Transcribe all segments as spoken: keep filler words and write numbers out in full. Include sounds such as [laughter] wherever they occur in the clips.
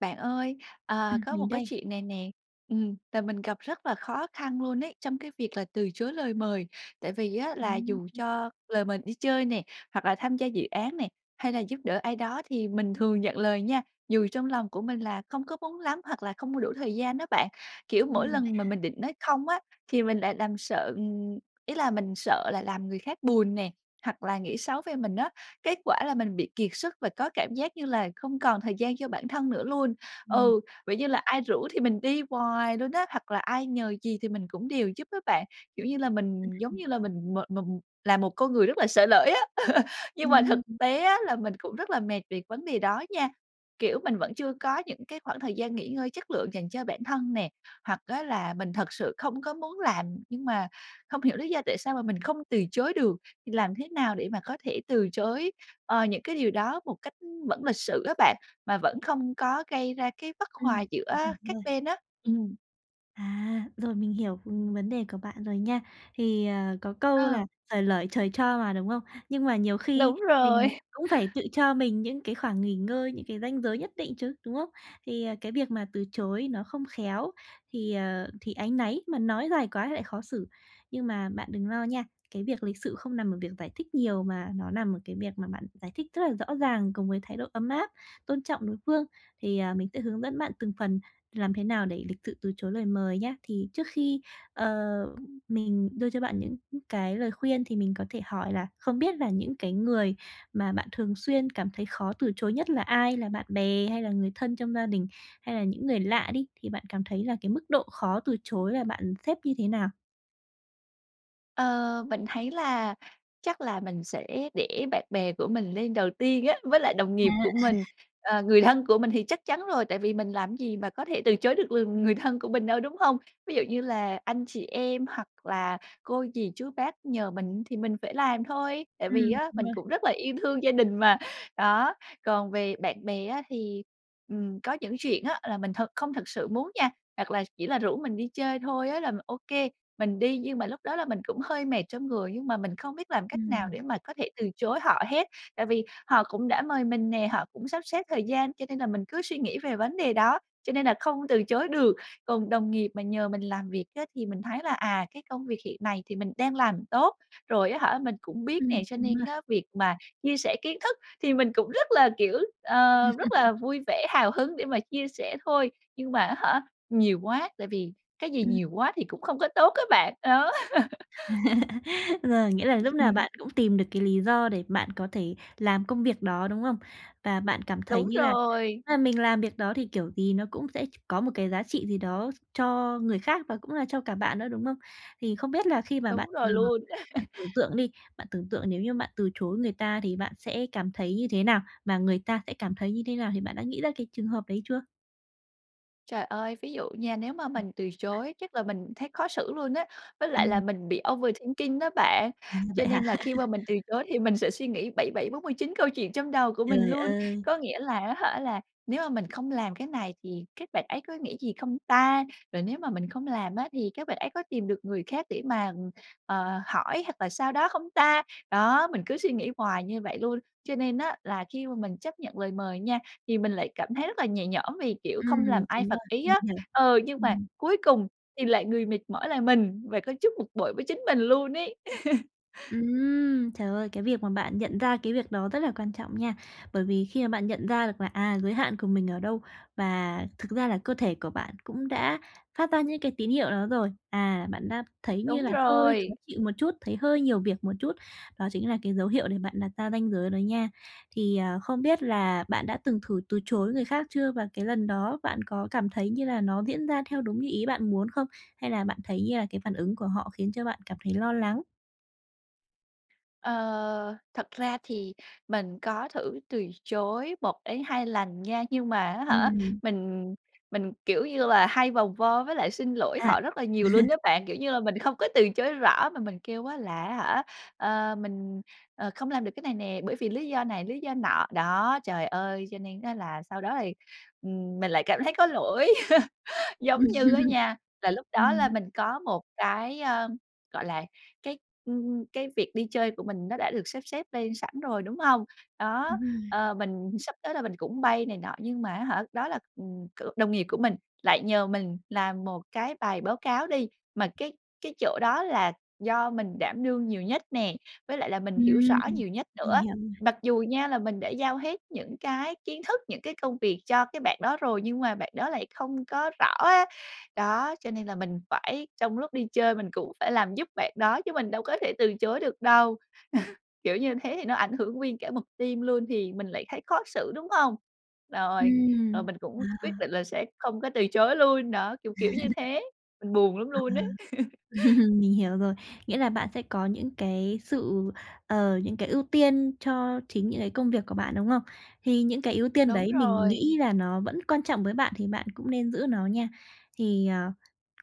Bạn ơi, ờ, Ừm, có một mình cái đây. chuyện này nè. Ừm, tại mình gặp rất là khó khăn luôn ấy, trong cái việc là từ chối lời mời, tại vì á là Ừm, dù ưm. cho lời mời đi chơi nè, hoặc là tham gia dự án này, hay là giúp đỡ ai đó thì mình thường nhận lời nha. Dù trong lòng của mình là không có muốn lắm hoặc là không có đủ thời gian á bạn, kiểu, mỗi Ừm, vậy lần mà hả? mình định nói không á thì mình lại làm sợ, ừm ý là mình sợ là làm người khác buồn nè, hoặc là nghĩ xấu về mình á. Kết quả là mình bị kiệt sức và có cảm giác như là không còn thời gian cho bản thân nữa luôn. Ừm. Ừ, vậy như là ai rủ thì mình đi hoài luôn á, hoặc là ai nhờ gì thì mình cũng đều giúp á bạn, kiểu như là, mình Ưm, giống ừm. như là mình mệt mà mù là một con người rất là sởi lởi á. [chuckles] Nhưng mà thực Ừm, ừm. tế á là mình cũng rất là mệt về vấn đề đó nha. Kiểu, mình vẫn chưa có những cái khoảng thời gian nghỉ ngơi chất lượng dành cho bản thân nè, hoặc á là mình thật sự không có muốn làm nhưng mà không hiểu lý do tại sao mà mình không từ chối được. Làm thế nào để mà có thể từ chối, ờ, những cái điều đó một cách, ưm, vẫn lịch sự á bạn, mà vẫn không có gây ra cái bất hòa Ừm. Mình giữa hiểu các rồi. bên á. Ừm. À, rồi, mình hiểu, ừm, vấn đề của bạn rồi nha. Thì, ờ, có câu Ờ. là "Xởi lởi trời cho" mà, đúng không? Nhưng mà nhiều khi Đúng rồi. mình [chuckles] cũng phải tự cho mình những cái khoảng nghỉ ngơi, những cái ranh giới nhất định chứ, đúng không? Thì, ờ, cái việc mà từ chối nó không khéo thì, ờ, thì áy náy, mà nói dài quá thì lại khó xử. Nhưng mà bạn đừng lo nha, cái việc lịch sự không nằm ở việc giải thích nhiều, mà nó nằm ở cái việc mà bạn giải thích rất là rõ ràng cùng với thái độ ấm áp, tôn trọng đối phương. Thì, à, mình sẽ hướng dẫn bạn từng phần làm thế nào để lịch sự từ chối lời mời nhá. Thì trước khi, ờ, mình đưa cho bạn những cái lời khuyên thì mình có thể hỏi là không biết là những cái người mà bạn thường xuyên cảm thấy khó từ chối nhất là ai? Là bạn bè hay là người thân trong gia đình, hay là những người lạ đi, thì bạn cảm thấy là cái mức độ khó từ chối là bạn xếp như thế nào? Ờ, mình thấy là chắc là mình sẽ để bạn bè của mình lên đầu tiên á, với lại đồng À. nghiệp của mình, [chuckles] ờ, người thân của mình thì chắc chắn rồi, tại vì mình làm gì mà có thể từ chối được, ừm, người thân của mình đâu, đúng hông? Ví dụ như là anh chị em, hoặc là cô dì chú bác nhờ mình thì mình phải làm thôi, tại vì Ừm, á đúng mình rồi. cũng rất là yêu thương gia đình mà. Đó, còn về bạn bè á thì, ừm, có những chuyện á là mình thật không thật sự muốn nha, hoặc là chỉ là rủ mình đi chơi thôi á là mình OK, mình đi nhưng mà lúc đó là mình cũng hơi mệt trong người nhưng mà mình không biết làm cách nào Ừm. để mà có thể từ chối họ hết. Tại vì họ cũng đã mời mình nè, họ cũng sắp xếp thời gian cho nên là mình cứ suy nghĩ về vấn đề đó cho nên là không từ chối được. Còn đồng nghiệp mà nhờ mình làm việc á thì mình thấy là, à, cái công việc hiện này thì mình đang làm tốt, rồi á hả mình cũng biết nè, Ừm, cho đúng nên rồi. á việc mà chia sẻ kiến thức thì mình cũng rất là, kiểu, ờ, rất là [laughs] vui vẻ hào hứng để mà chia sẻ thôi, nhưng mà á hả nhiều quá, tại vì cái gì Ừm. nhiều quá thì cũng không có tốt á bạn. Đó. [laughs] [laughs] Rồi, nghĩa là lúc nào Ừm. bạn cũng tìm được cái lý do để bạn có thể làm công việc đó, đúng không? Và bạn cảm thấy Đúng như là nếu rồi. mà mình làm việc đó thì kiểu gì nó cũng sẽ ch có một cái giá trị gì đó cho người khác và cũng là cho cả bạn nữa, đúng không? Thì không biết là khi mà Đúng bạn, ờ, rồi luôn. bạn [laughs] tưởng tượng đi, bạn tưởng tượng nếu như bạn từ chối người ta thì bạn sẽ cảm thấy như thế nào và người ta sẽ cảm thấy như thế nào? Thì bạn đã nghĩ ra cái trường hợp đấy chưa? Trời ơi, ví dụ nha, nếu mà Ừm. mình từ chối chắc là mình thấy khó xử luôn á, với lại là Ừm. mình bị overthinking đó bạn, À, cho vậy hả? nên là khi mà [laughs] mình từ chối thì mình sẽ suy nghĩ bảy bảy bốn mươi chín câu chuyện trong đầu của mình Trời luôn. ơi! Có nghĩa là á hả là nếu mà mình không làm cái này thì các bạn ấy có nghĩ gì không ta? Rồi nếu mà mình không làm á thì các bạn ấy có tìm được người khác để mà, ừm, ờ, hỏi hoặc là sao đó không ta? Đó, mình cứ suy nghĩ hoài như vậy luôn, cho nên á là khi mà mình chấp nhận lời mời nha thì mình lại cảm thấy rất là nhẹ nhõm vì, kiểu, không làm Ừm, ai đúng phật rồi, ý mình á. hiểu. Ờ, nhưng mà Ừm. cuối cùng thì lại người mệt mỏi là mình và có chút bực bội với chính mình luôn ấy. [laughs] Ừm. Trời ơi, cái việc mà bạn nhận ra cái việc đó rất là quan trọng nha. Bởi vì khi mà bạn nhận ra được là, à, giới hạn của mình ở đâu và thực ra là cơ thể của bạn cũng đã phát ra những cái tín hiệu đó rồi, à, bạn đã thấy như Đúng là hơi khó rồi. chịu một chút, thấy hơi nhiều việc một chút, đó chính là cái dấu hiệu để bạn đặt ra ranh giới đó nha. Thì, à, không biết là bạn đã từng thử từ chối người khác chưa, và cái lần đó bạn có cảm thấy như là nó diễn ra theo đúng như ý bạn muốn không? Hay là bạn thấy như, à, cái phản ứng của họ khiến cho bạn cảm thấy lo lắng? Ờ, thật ra thì mình có thử từ chối một đến hai lần nha, nhưng mà á hả, Ừm. mình mình, kiểu như là, hay vòng vo với lại xin lỗi À. họ rất là nhiều luôn á [chuckles] bạn, kiểu như là mình không có từ chối rõ mà mình kêu á là, á hả, ờ, mình, ờ, không làm được cái này nè, bởi vì lý do này, lý do nọ, đó, trời ơi, cho nên á là sau đó thì, ừm, mình lại cảm thấy có lỗi. [laughs] Giống Ừm, như á nha, là lúc đó là ừm. mình có một cái, ơm, gọi là, cái, ừm, ừm, cái việc đi chơi của mình nó đã được sắp xếp lên sẵn rồi, đúng hông? Đó, Đúng rồi. ờ, mình sắp tới là mình cũng bay này nọ nhưng mà, á hả, đó là, ừm, kiểu, đồng nghiệp của mình, lại nhờ mình làm một cái bài báo cáo đi, mà cái cái chỗ đó là do mình đảm đương nhiều nhất nè, với lại là mình hiểu Ừm, rõ nhiều nhất nữa. mình hiểu rồi. Mặc dù nha, là mình đã giao hết những cái kiến thức, những cái công việc cho cái bạn đó rồi nhưng mà bạn đó lại không có rõ á. Đó, cho nên là mình phải, trong lúc đi chơi mình cũng phải làm giúp bạn đó chứ mình đâu có thể từ chối được đâu. [chuckles] Kiểu, như thế thì nó ảnh hưởng nguyên cả một team luôn thì mình lại thấy khó xử, đúng không? Rồi, rồi Ừm, mình cũng quyết à. định là sẽ không có từ chối luôn, đó, kiểu, kiểu, như [laughs] thế, mình buồn lắm À. luôn á. [laughs] [chuckles] Mình hiểu rồi. Nghĩa là bạn sẽ có những cái sự, ờ, những cái ưu tiên cho chính những cái công việc của bạn, đúng không? Thì những cái ưu tiên Đúng đấy mình rồi. nghĩ là nó vẫn quan trọng với bạn thì bạn cũng nên giữ nó nha. Thì, ờ,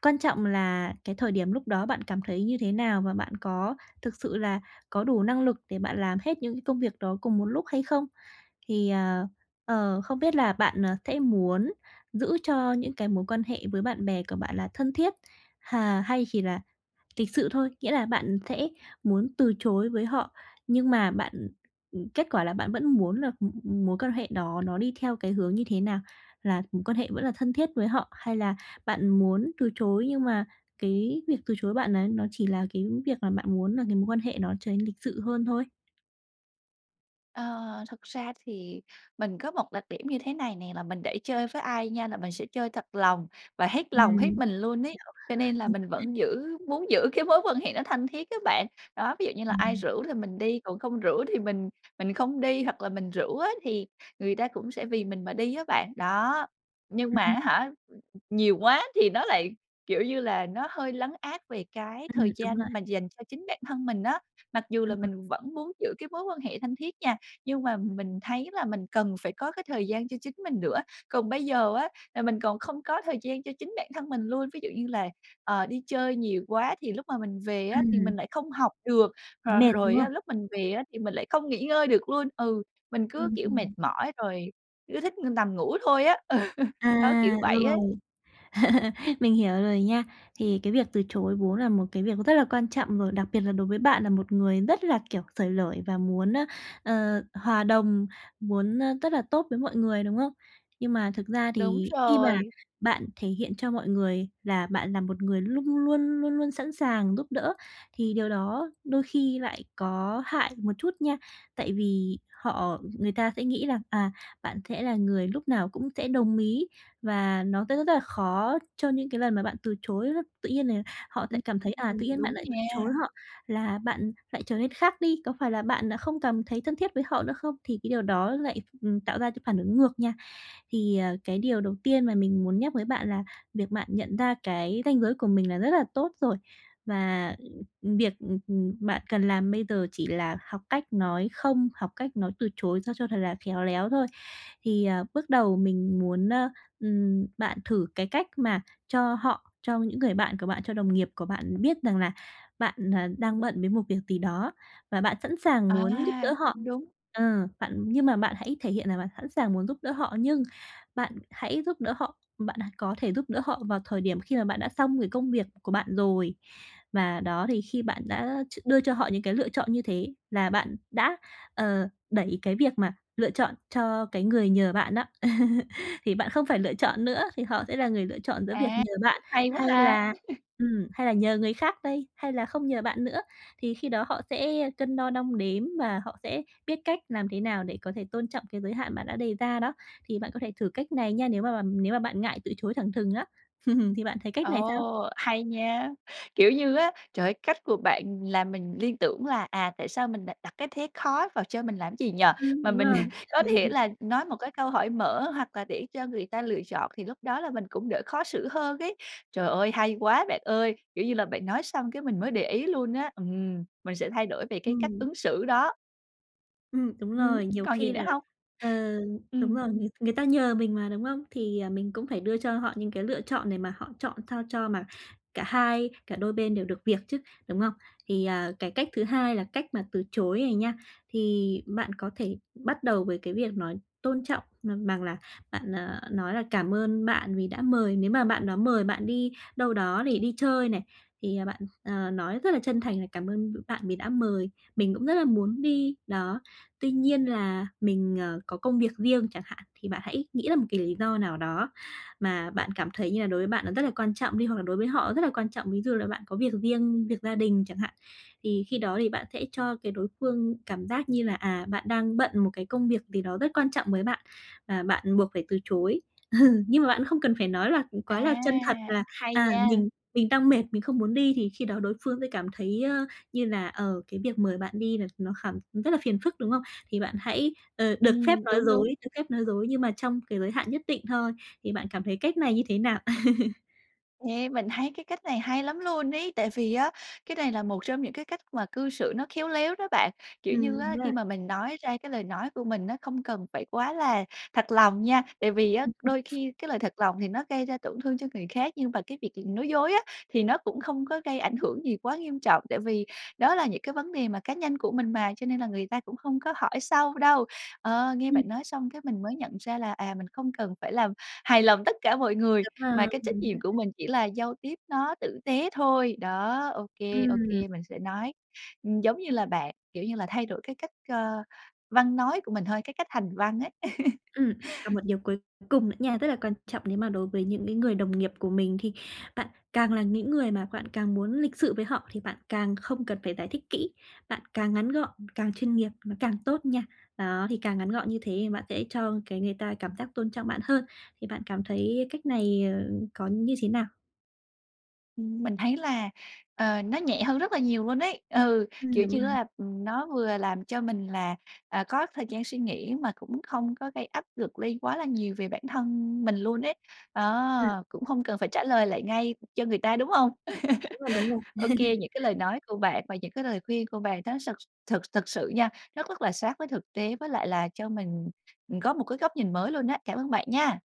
quan trọng là cái thời điểm lúc đó bạn cảm thấy như thế nào và bạn có thực sự là có đủ năng lực để bạn làm hết những công việc đó cùng một lúc hay không? Thì, ờ, ờ, không biết là bạn, ờ, sẽ muốn giữ cho những cái mối quan hệ với bạn bè của bạn là thân thiết, hà hay chỉ là lịch sự thôi, nghĩa là bạn sẽ muốn từ chối với họ, nhưng mà bạn kết quả là bạn vẫn muốn là mối quan hệ đó nó đi theo cái hướng như thế nào, là mối quan hệ vẫn là thân thiết với họ, hay là bạn muốn từ chối nhưng mà cái việc từ chối bạn ấy nó chỉ là cái việc là bạn muốn là cái mối quan hệ nó trở nên lịch sự hơn thôi? Ờ, thực ra thì mình có một đặc điểm như thế này nè, là mình để chơi với ai nha, là mình sẽ chơi thật lòng và hết lòng, hết Ừm. mình luôn ấy, cho nên là [unintelligible] Ừm. mình vẫn giữ muốn giữ cái mối quan hệ nó thân thiết á bạn. Đó, ví dụ như là Ừm, ai ừm. rủ là mình đi, còn không rủ thì mình mình không đi, hoặc là mình rủ á thì người ta cũng sẽ vì mình mà đi á bạn, đó. Nhưng Ừm, mà ừm. á hả, ừ, ừ, nhiều quá thì nó lại, kiểu như là, nó hơi lấn át về cái Ừm, thời đúng rồi. gian mà dành cho chính bản thân mình á. Mặc dù Ờ, là ừm. mình vẫn muốn giữ cái mối quan hệ thân thiết nha, nhưng mà m mình thấy là mình cần phải có cái thời gian cho chính mình nữa. Còn bây giờ á là mình còn không có thời gian cho chính bản thân mình luôn, ví dụ như là, ờ, đi chơi nhiều quá thì lúc mà mình về á thì Ừm. mình lại không học được, Thấy rồi mệt, đúng rồi không? á, lúc mình về á thì mình lại không nghỉ ngơi được luôn. Ừ, mình cứ Ừm, kiểu mệt ừm. mỏi rồi cứ thích nằm ngủ thôi á. Ừ, đó, À! kiểu vậy á. Rồi. [chuckles] Mình hiểu rồi nha. Thì cái việc từ chối vốn là một cái việc nó rất là quan trọng rồi, đặc biệt là đối với bạn là một người rất là, kiểu, xởi lởi và muốn, ờ, ờ, hòa đồng, muốn rất là tốt với mọi người, đúng không? Nhưng mà thực ra Đúng thì khi mà rồi. bạn thể hiện cho mọi người là bạn là một người luôn luôn, luôn luôn sẵn sàng giúp đỡ, thì điều đó đôi khi lại có hại một chút nha. Tại vì họ người ta sẽ nghĩ rằng, à, bạn sẽ là người lúc nào cũng sẽ đồng ý và nó sẽ rất rất rất là khó cho những cái lần mà bạn từ chối đó. Tự nhiên là họ sẽ Ừm. cảm thấy, à, Ừm, tự nhiên bạn đúng lại từ nha. chối họ là bạn lại trở nên khác đi, có phải là bạn đã không cảm thấy thân thiết với họ nữa không, thì cái điều đó lại, ừm, tạo ra cái phản ứng ngược nha. Thì, ờ, cái điều đầu tiên mà mình muốn nhắc với bạn là việc bạn nhận ra cái ranh giới của mình là rất là tốt rồi. Và, ư, việc, ừm, ừm, bạn cần làm bây giờ chỉ là học cách nói "không", học cách nói từ chối sao cho thật là khéo léo thôi. Thì, ờ, bước đầu mình muốn, ờ, ừm, bạn thử cái cách mà cho họ, cho những người bạn của bạn, cho đồng nghiệp của bạn biết rằng là bạn đang bận với một việc gì đó và bạn sẵn sàng À! muốn giúp đỡ họ. Cũng đúng. Ờ, bạn nhưng mà bạn hãy thể hiện là bạn sẵn sàng muốn giúp đỡ họ, nhưng bạn hãy giúp đỡ họ, bạn có thể giúp đỡ họ vào thời điểm khi mà bạn đã xong cái công việc của bạn rồi. Và đó, thì khi bạn đã ch đưa cho họ những cái lựa chọn như thế là bạn đã, ờ, đẩy cái việc mà lựa chọn cho cái người nhờ bạn đó. [chuckles] Thì bạn không phải lựa chọn nữa, thì họ sẽ là người lựa chọn giữa việc À! nhờ bạn Cũng hay quá hay ha! là, [chuckles] ừm, hay là nhờ người khác đây, hay là không nhờ bạn nữa, thì khi đó họ sẽ cân đo đong đếm và họ sẽ biết cách làm thế nào để có thể tôn trọng cái giới hạn bạn đã đề ra đó. Thì bạn có thể thử cách này nha, nếu mà bằm nếu mà bạn ngại từ chối thẳng thừng á. [chuckles] Thì bạn thấy cách này sao? Ồ, hay nha! Kiểu như á, trời ơi, cách của bạn làm mình liên tưởng là, à, tại sao mình đ đặt cái thế khó vào cho mình làm gì nhỉ? Ừm, Mà đúng mình rồi. có thể [laughs] là nói một cái câu hỏi mở hoặc là để cho người ta lựa chọn, thì lúc đó là mình cũng đỡ khó xử hơn ấy. Trời ơi! Hay quá bạn ơi! Kiểu như là, bạn nói xong cái mình mới để ý luôn á, ừm, mình sẽ thay đổi về cái cách Ừm. ứng xử đó. Ừm, đúng Ừm, rồi, nhiều còn gì khi nữa là hông? ờ, đúng Ừm. rồi, người người ta nhờ mình mà, đúng không? Thì mình cũng phải đưa cho họ những cái lựa chọn để mà họ chọn sao cho mà cả hai, cả đôi bên đều được việc chứ, đúng không? Thì, à, cái cách thứ hai là cách mà từ chối này nha, thì bạn có thể bắt đầu với cái việc nói tôn trọng, ừm, bằng là bạn, à, nói là "Cảm ơn bạn vì đã mời," nếu mà bạn đó mời bạn đi đâu đó để đi chơi này, thì bạn, ờ, nói rất là chân thành là "Cảm ơn, ừ, bạn vì đã mời, mình cũng rất là muốn đi." Đó, "Tuy nhiên là mình, ờ, có công việc riêng" chẳng hạn. Thì bạn hãy nghĩ ra một cái lý do nào đó, mà bạn cảm thấy như là đối với bạn nó rất là quan trọng đi, hoặc là đối với họ rất là quan trọng, ví dụ là bạn có việc riêng, việc gia đình chẳng hạn. Thì khi đó thì bạn sẽ cho cái đối phương cảm giác như là, à, bạn đang bận một cái công việc gì đó rất quan trọng với bạn, và bạn buộc phải từ chối. [chuckles] Nhưng mà bạn không cần phải nói là, ừ, À! quá là chân thật là Hay "À, nha! mình mình đang mệt, mình không muốn đi", thì khi đó đối phương sẽ cảm thấy, ơ, như là, ờ, cái việc mời bạn đi là nó khà rất là phiền phức, đúng không? Thì bạn hãy, ờ, được phép Ừm, nói đúng, dối, đúng. được phép nói dối nhưng mà trong cái giới hạn nhất định thôi. Thì bạn cảm thấy cách này như thế nào? [laughs] Yeah, mình thấy cái cách này hay lắm luôn ấy. Tại vì á cái này là một trong những cái cách mà cư xử nó khéo léo đó bạn. Kiểu như Ừm, đúng á, rồi. khi mà mình nói ra cái lời nói của mình á, không cần phải quá là thật lòng nha. Tại vì á Ừm, ừm. đôi khi cái lời thật lòng thì nó gây ra tổn thương cho người khác, nhưng mà cái việc là nói dối á thì nó cũng không có gây ảnh hưởng gì quá nghiêm trọng. Tại vì đó là những cái vấn đề mà cá nhân của mình mà, cho nên là người ta cũng không có hỏi sâu đâu. Ờ, nghe Ừm. bạn nói xong cái mình mới nhận ra là, à, mình không cần phải làm hài lòng tất cả mọi người, Đúng mà rồi, cái trách ừm. nhiệm của mình chỉ là giao tiếp nó tử tế thôi. Đó, ô kê, ô Ừm. kê mình sẽ nói. Ừm, giống như là bạn kiểu như là, thay đổi cái cách, ơ, văn nói của mình thôi, cái cách hành văn ấy. [laughs] Ừm, còn một điều cuối cùng nữa nha. Rất là quan trọng nếu mà đối với những cái người đồng nghiệp của mình, thì bạn càng là những người mà bạn càng muốn lịch sự với họ, thì bạn càng không cần phải giải thích kỹ, bạn càng ngắn gọn càng chuyên nghiệp, nó càng tốt nha. Đó, thì càng ngắn gọn như thế thì bạn sẽ cho, cái, người ta cảm giác tôn trọng bạn hơn, thì bạn cảm thấy cách này, ờ, có như thế nào? Ừm, mình thấy là, ờ, nó nhẹ hơn rất là nhiều luôn ấy. Ừ, Ừm, kiểu đúng như á rồi. là, ừm, nó vừa làm cho mình là, à, có thời gian suy nghĩ, mà cũng không có gây áp lực lên quá là nhiều về bản thân mình luôn ấy. Ừm. Đó, cũng không cần phải trả lời lại ngay cho người ta, đúng hông? Đúng rồi, đúng rồi. [laughs] Ô kê, [laughs] những cái lời nói của bạn và những cái lời khuyên của bạn nó sực thực thực sự nha, nó rất là sát với thực tế với lại là cho mình, ừm, có một cái góc nhìn mới luôn á. Cảm ơn bạn nha.